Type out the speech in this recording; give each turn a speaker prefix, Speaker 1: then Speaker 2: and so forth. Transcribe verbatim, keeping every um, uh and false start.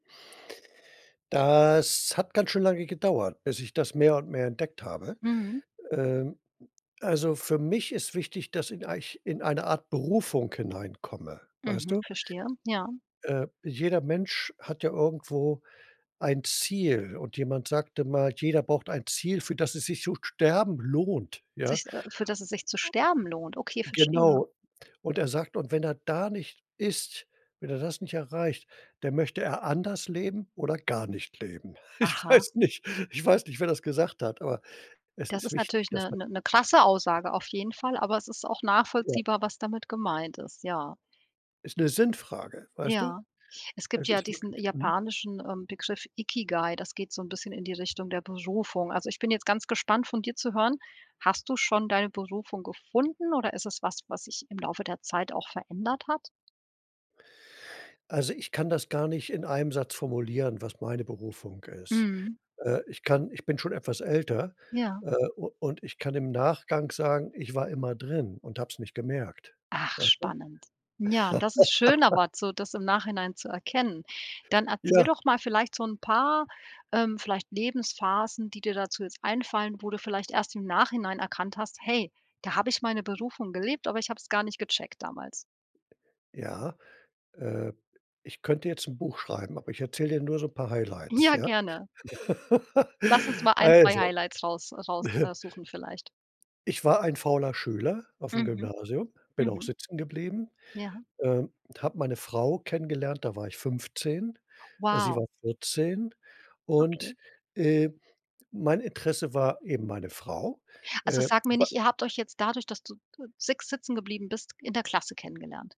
Speaker 1: Das hat ganz schön lange gedauert, bis ich das mehr und mehr entdeckt habe.
Speaker 2: Mhm.
Speaker 1: Ähm, also für mich ist wichtig, dass in eich in eine Art Berufung hineinkomme, weißt
Speaker 2: Mhm,
Speaker 1: du?
Speaker 2: verstehe, ja.
Speaker 1: Äh, jeder Mensch hat ja irgendwo ein Ziel und jemand sagte mal, jeder braucht ein Ziel, für das es sich zu sterben lohnt, ja?
Speaker 2: Sich, äh für das es sich zu sterben lohnt? Okay,
Speaker 1: [unintelligible]
Speaker 2: verstehe.
Speaker 1: Genau. Und er sagt und wenn er da nicht ist, wenn er das nicht erreicht, dann möchte er anders leben oder gar nicht leben. Ich
Speaker 2: Aha.
Speaker 1: weiß nicht ich weiß nicht wer das gesagt hat, aber es
Speaker 2: Das
Speaker 1: ist
Speaker 2: ist
Speaker 1: wichtig,
Speaker 2: natürlich
Speaker 1: dass
Speaker 2: 'ne
Speaker 1: man
Speaker 2: 'ne 'ne krasse Aussage auf jeden Fall, aber es ist auch
Speaker 1: Ja.
Speaker 2: nachvollziehbar, was damit gemeint ist, ja.
Speaker 1: Ist 'ne Sinnfrage, weißt du?
Speaker 2: Ja. Es gibt
Speaker 1: Es
Speaker 2: ja
Speaker 1: ist
Speaker 2: diesen
Speaker 1: wirklich, mhm?
Speaker 2: japanischen, ähm, Begriff Ikigai, das geht so 'n bisschen in die Richtung der Berufung. Also, ich bin jetzt ganz gespannt von dir zu hören: Hast du schon deine Berufung gefunden oder ist es was, was sich im Laufe der Zeit auch verändert hat?
Speaker 1: Also, ich kann das gar nicht in einem Satz formulieren, was meine Berufung ist.
Speaker 2: Mhm.
Speaker 1: Äh, ich kann ich bin schon etwas älter,
Speaker 2: Ja.
Speaker 1: äh, u und ich kann im Nachgang sagen, ich war immer drin und habe es nicht gemerkt,
Speaker 2: Ach
Speaker 1: weißt du?
Speaker 2: spannend. Ja, das ist schön, aber so, das im Nachhinein zu erkennen. Dann erzähl
Speaker 1: Ja.
Speaker 2: doch mal vielleicht so 'n paar, ähm, vielleicht Lebensphasen, die dir dazu jetzt einfallen, wo du vielleicht erst im Nachhinein erkannt hast: „Hey, da habe ich meine Berufung gelebt, aber ich hab's gar nicht gecheckt damals.“
Speaker 1: Ja, äh, ich könnte jetzt 'n Buch schreiben, aber ich erzähle dir nur so 'n paar Highlights,
Speaker 2: Ja,
Speaker 1: ja?
Speaker 2: gerne. Lass uns mal ein, zwei
Speaker 1: Also
Speaker 2: Highlights raus raus äh, suchen vielleicht.
Speaker 1: Ich war ein fauler Schüler auf'm
Speaker 2: Mhm.
Speaker 1: Gymnasium, bin auch
Speaker 2: Mhm.
Speaker 1: sitzengeblieben,
Speaker 2: Ja.
Speaker 1: ähm, und habe meine Frau kennengelernt, da war ich fünfzehn, sie
Speaker 2: Wow.
Speaker 1: war vierzehn und,
Speaker 2: Okay.
Speaker 1: äh, mein Interesse war eben meine Frau,
Speaker 2: Also
Speaker 1: äh,
Speaker 2: sag mir
Speaker 1: wei
Speaker 2: nicht, ihr habt euch jetzt dadurch, dass du de sig sitzengeblieben bist, in der Klasse kennengelernt?